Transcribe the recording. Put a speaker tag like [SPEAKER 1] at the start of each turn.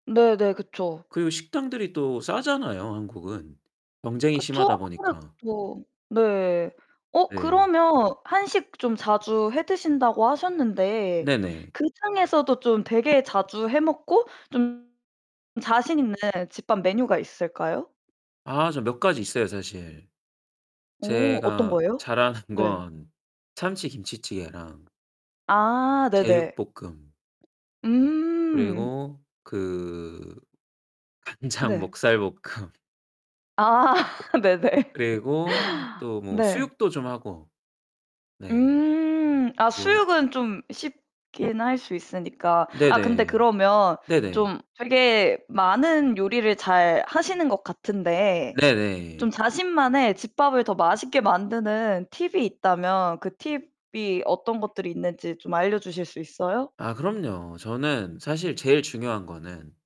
[SPEAKER 1] 네네 그쵸.
[SPEAKER 2] 그리고 식당들이 또 싸잖아요 한국은. 경쟁이
[SPEAKER 1] 그쵸
[SPEAKER 2] 심하다 보니까.
[SPEAKER 1] 아무래도. 네. 어
[SPEAKER 2] 네.
[SPEAKER 1] 그러면 한식 좀 자주 해 드신다고 하셨는데
[SPEAKER 2] 네네.
[SPEAKER 1] 그 중에서도 좀 되게 자주 해 먹고 좀 자신있는 집밥 메뉴가 있을까요?
[SPEAKER 2] 아 저 몇 가지 있어요 사실.
[SPEAKER 1] 어 어떤
[SPEAKER 2] 제가
[SPEAKER 1] 거예요?
[SPEAKER 2] 잘하는
[SPEAKER 1] 네.
[SPEAKER 2] 건 참치김치찌개랑
[SPEAKER 1] 아 네네.
[SPEAKER 2] 제육볶음.
[SPEAKER 1] 음.
[SPEAKER 2] 그리고 그 간장
[SPEAKER 1] 네.
[SPEAKER 2] 목살볶음.
[SPEAKER 1] 아 네네.
[SPEAKER 2] 그리고 또 뭐
[SPEAKER 1] 네.
[SPEAKER 2] 수육도 좀 하고. 네.
[SPEAKER 1] 음 아
[SPEAKER 2] 뭐
[SPEAKER 1] 수육은 좀 쉽게는 할 수 있으니까. 아 근데
[SPEAKER 2] 네네.
[SPEAKER 1] 그러면
[SPEAKER 2] 네네.
[SPEAKER 1] 좀 되게 많은 요리를 잘 하시는 것 같은데
[SPEAKER 2] 네네.
[SPEAKER 1] 좀 자신만의 집밥을 더 맛있게 만드는 팁이 있다면 그 팁이 어떤 것들이 있는지 좀 알려주실 수 있어요?
[SPEAKER 2] 아 그럼요. 저는 사실 제일 중요한 거는